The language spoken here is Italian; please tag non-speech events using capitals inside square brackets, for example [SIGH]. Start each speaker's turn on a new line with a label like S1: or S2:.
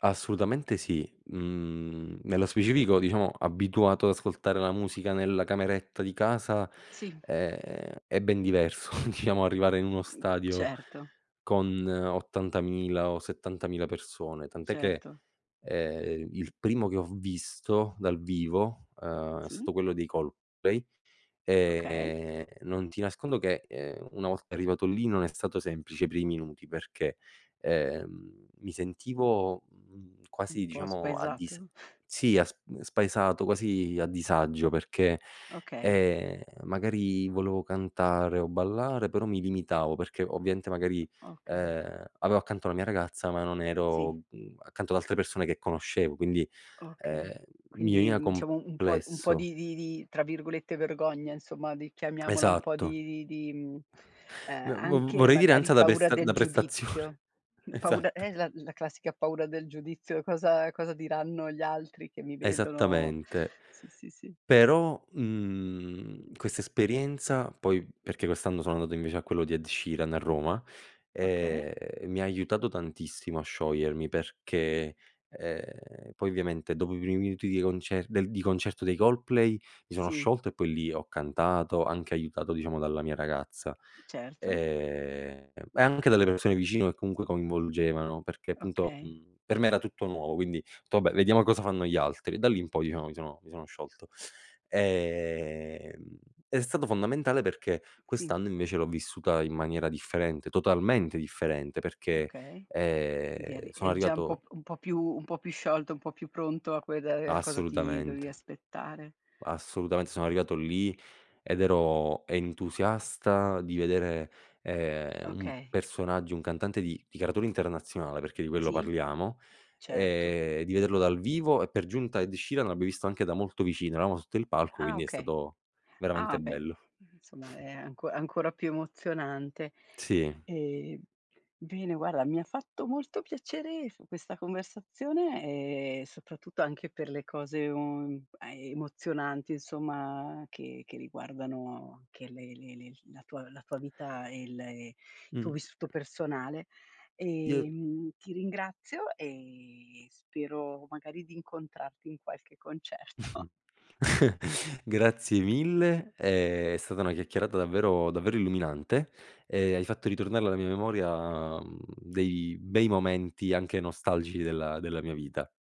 S1: Assolutamente sì. Mhmm, nello specifico diciamo, abituato ad ascoltare la musica nella cameretta di casa,
S2: Sì.
S1: è è ben diverso [CHUCKLES] diciamo arrivare in uno
S2: Mh,
S1: stadio
S2: certo.
S1: con 80000 o 70000 persone, tant'è che,
S2: Certo.
S1: ehm, il primo che ho visto dal vivo, ehm, è
S2: Sì.
S1: stato quello dei Coldplay.
S2: Okay.
S1: E non ti nascondo che, ehm, una volta arrivato lì, non è stato semplice i primi minuti perché, ehm, mi sentivo
S2: Un
S1: quasi
S2: po'
S1: diciamo a dis
S2: spaesato. [CHUCKLES]
S1: Sì sp spaesato, quasi a disagio, perché,
S2: Okay.
S1: ehm, magari volevo cantare o ballare però mi limitavo perché ovviamente magari,
S2: Okay.
S1: ehm, avevo accanto la mia ragazza, ma non ero,
S2: Sì.
S1: mhmm, accanto ad altre persone che conoscevo, quindi, ehm,
S2: Okay,
S1: mi
S2: Quindi,
S1: veniva
S2: mhmm, diciamo, un po'
S1: complesso.
S2: di di di tra virgolette "vergogna," insomma, di chiamiamola un po' di
S1: Esatto.
S2: di di, mhmm, ehm,
S1: Ve v vo
S2: anche,
S1: vorrei dire
S2: magari
S1: ansia da
S2: paura
S1: pessa da
S2: del giudizio.
S1: prestazione.
S2: Paura è
S1: Esatto.
S2: esa la la classica paura del giudizio: "Cosa cosa diranno gli altri che mi vedono?"
S1: Esattamente.
S2: Sì, sì, sì.
S1: Però, mhmm, questa esperienza, poi perché quest'anno sono andato invece a quello di Ed Sheeran a Roma,
S2: Okay.
S1: ehm, e mi ha aiutato tantissimo a sciogliermi, perché, ehm, poi ovviamente dopo i primi minuti di concer di concerto dei Coldplay, mi sono
S2: Sì.
S1: sciolto e poi lì ho cantato, anche aiutato, diciamo, dalla mia ragazza,
S2: Certo.
S1: ehm, e anche dalle persone vicino, che comunque coinvolgevano, perché appunto,
S2: Okay.
S1: mhmm, per me era tutto nuovo, quindi otto: "Vabbè, vediamo cosa fanno gli altri." Da lì in poi, diciamo mi sono mi sono sciolto. Ehm, è stato fondamentale, perché
S2: Sì.
S1: quest'anno invece l'ho vissuta in maniera differente, totalmente differente, perché,
S2: Okay, di
S1: ehm,
S2: eri
S1: sono
S2: è già un p
S1: arrivato
S2: un po' più un po' più sciolto, un po' più pronto, a quel del a cosa ti dovevi
S1: Assolutamente.
S2: aspettare.
S1: Assolutamente, sono arrivato lì, ed ero entusiasta di vedere, ehm, un
S2: Okay.
S1: personaggio, un cantante di di caratura internazionale, perché di quello
S2: Sì,
S1: parliamo,
S2: certo.
S1: ehm, di vederlo dal vivo, e per giunta Ed Sheeran l'abbia visto anche da molto vicino, eravamo sotto il palco
S2: Ah
S1: quindi è
S2: okay.
S1: stato
S2: Ah
S1: veramente
S2: beh,
S1: bello.
S2: insomma è anco ancora più emozionante,
S1: Sì.
S2: e, bene guarda mi ha fatto molto piacere f questa conversazione, e soprattutto anche per le cose, ehm, emozionanti insomma che che riguardano che le le la tua la tua vita, e il il
S1: Mh.
S2: tuo vissuto personale,
S1: Io
S2: ehm, ti ringrazio e spero magari di incontrarti in qualche concerto.
S1: [CHUCKLES] Grazie mille, è stata una chiacchierata davvero davvero illuminante, e hai fatto ritornare alla mia memoria, ehm, dei bei momenti, anche nostalgici della della mia vita.